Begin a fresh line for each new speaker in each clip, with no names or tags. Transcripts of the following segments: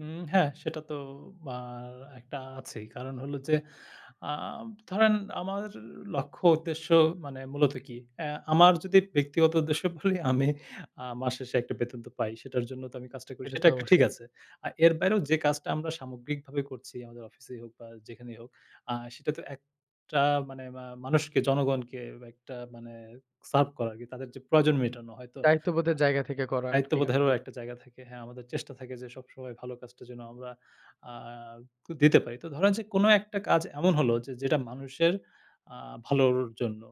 হুম, হ্যাঁ, সেটা তো বার একটা আছেই। কারণ হলো যে, আ ধরেন, আমার লক্ষ্য, উদ্দেশ্য মানে, মূলত কি? আ আমার যদি ব্যক্তিগত উদ্দেশ্য বলি, আমি আ মাস শেষে একটা বেতন তো পাই। সেটার জন্য তো আমি কাজটা করি।
এটা
সেটা
তো
একটা ঠিক
অবশ্যই।
আছে। আর এর বাইরেও যে কাজটা, আমরা সামগ্রিকভাবে করছি, আমাদের অফিসেই হোক বা যেখানেই হোক, আ সেটা তো একটা মানে মা মানুষকে, জনগণকে, একটা মানে সার্ভ করা আরকি, তাদের যে প্রয়োজন মেটানো হয়তো আ
দায়িত্ববোধের জায়গা থেকে করা আরকি কাজ
দায়িত্ববোধেরও
গুলো।
একটা জায়গা থাকে। হ্যাঁ, আমাদের চেষ্টা থাকে যে, সবসময় ভালো কাজটা যে আমরা আ তো দিতে পারি। তো ধরেন যে, কোন একটা কাজ এমন হলো যে, যেটা মানুষের আ ভালোর জন্য,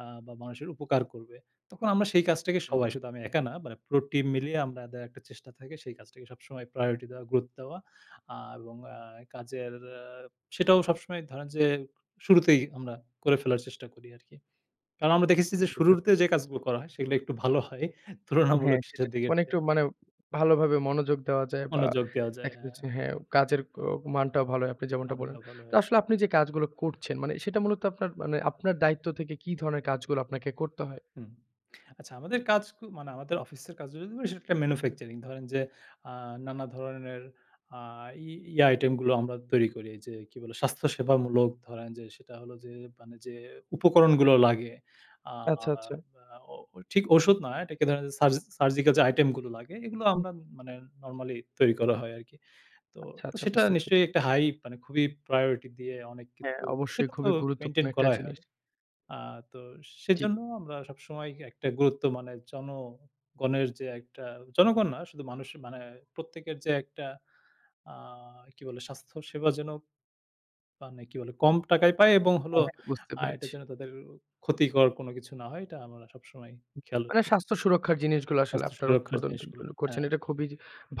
আ বা মানুষের উপকার করবে। তখন আমরা সেই কাজটাকে
আমি
সবাই,
বুঝি।
শুধু আমি একা না, মানে পুরো টিম মিলিয়ে আমাদের একটা চেষ্টা থাকে, সেই কাজটাকে সবসময় প্রায়োরিটি দেওয়া, গুরুত্ব দেওয়া। আ এবং অ্যা কাজের এ সেটাও সবসময় ধরেন যে, শুরুতেই আমরা করে ফেলার চেষ্টা করি আরকি। কারণ আমরা দেখেছি
আচ্ছা,
যে,
বুঝতে
শুরুতে
পারছি।
যে কাজগুলো করা হয়, সেগুলো একটু ভালো হয়।
হ্যাঁ,
তুলনামূলক
সেটা
শেষের
ঠিক।
দিকের
মানে
চেয়ে।
একটু মানে, ভালোভাবে মনোযোগ দেওয়া যায় বা
মনযোগ দেওয়া যায়।
দেখা যাচ্ছে
হ্যাঁ।
হ্যাঁ, কাজের কো মানটাও ভালো হয়, আপনি যেমনটা
মান
বললেন।
টা ভালো
তো
হয়।
আসলে আপনি যে কাজগুলো করছেন, মানে সেটা মূলত আপনার মানে, আপনার দায়িত্ব থেকে কি ধরনের কাজগুলো আপনাকে করতে হয়?
হুম। আচ্ছা, আমাদের কাজ কু মানে, আমাদের অফিসের কাজগুলো করি, সেটা একটা ম্যানুফ্যাকচারিং। ধরেন যে, আ নানা ধরনের আ ই ইয়ে আইটেম গুলো আমরা তৈরি করি এইযে, কি বলে, স্বাস্থ্য-সেবামূলক ধরেন যে, সেটা হলো যে মানে, যে উপকরণগুলো লাগে, আ
আচ্ছা, আচ্ছা।
ও ঠিক ওষুধ নয়, এটাকে সার্জি সার্জিক্যাল যে আইটেম গুলো লাগে, এগুলো
হুম।
আমরা মানে, নরমালি তৈরি করা হয় আরকি। তো,
আচ্ছা,
তো
আচ্ছা।
সেটা
বুঝতে পেরেছি।
নিশ্চয়ই একটা হাই মানে খুবই প্রায়োরিটি দিয়ে অনেক
হ্যাঁ,
কিছু,
অবশ্যই।
সেটা তো
খুবই গুরুত্বপূর্ণ
মেইনটেইন
একটা
করাই
জিনিস।
হয়। আ তো,
জ্বী।
সেজন্য আমরা সবসময় একটা গুরুত্ব মানে জনগণের যে একটা, জনগণ না শুধু, মানুষের মানে, প্রত্যেকের যে একটা আ কি বলে, স্বাস্থ্যসেবাজনক মানে কি বলে, কম টাকায় পায় এবং হলো
হ্যাঁ, হ্যাঁ। বুঝতে
আরেকটা
পেরেছি।
যেন তাদের ক্ষতিকর কোন কিছু না হয়, এটা আমরা সবসময় খেয়াল
মানে,
রাখি।
স্বাস্থ্য-সুরক্ষার জিনিসগুলো আসলে
স্বাস্থ্য
আপনারা
সুরক্ষার জিনিসগুলো।
উৎপাদনগুলো করছেন।
হ্যাঁ।
এটা খুবই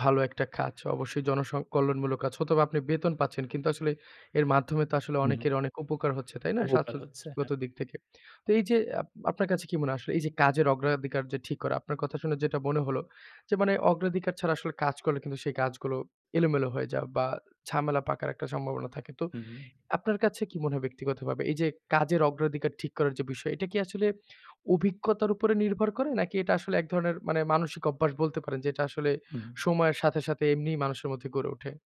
ভালো একটা কাজ। অবশ্যই জনসং কল্যাণমূলক কাজ। হয়তোবা আপনি বেতন পাচ্ছেন। কিন্তু আসলে এর মাধ্যমে তো আসলে
হু, হুম।
অনেকের অনেক উপকার হচ্ছে। তাই না?
উপকার হচ্ছে। হ্যাঁ।
স্বাস্থ্যগত দিক থেকে। তো এই যে, আপ আপনার কাছে কি মনে হয় আসলে এই যে কাজের অগ্রাধিকার যে ঠিক করা, আপনার কথা শুনে যেটা মনে হলো যে, মানে অগ্রাধিকার ছাড়া আসলে কাজ করলে কিন্তু সেই কাজগুলো এলোমেলো হয়ে যায় বা ঝামেলা পাকার একটা সম্ভাবনা থাকে। তো,
হুম, হুম।
আপনার কাছে কি মনে হয়, ব্যক্তিগতভাবে? এই যে কাজের অগ্রাধিকার ঠিক করার যে বিষয়, এটা কি আসলে, অভিজ্ঞতার উপরে নির্ভর করে, নাকি এটা আসলে এক ধরনের মানে, মানসিক অভ্যাস বলতে পারেন যে, এটা আসলে
হুম।
সময়ের সাথে, সাথে এমনিই মানুষের মধ্যে গড়ে ওঠে?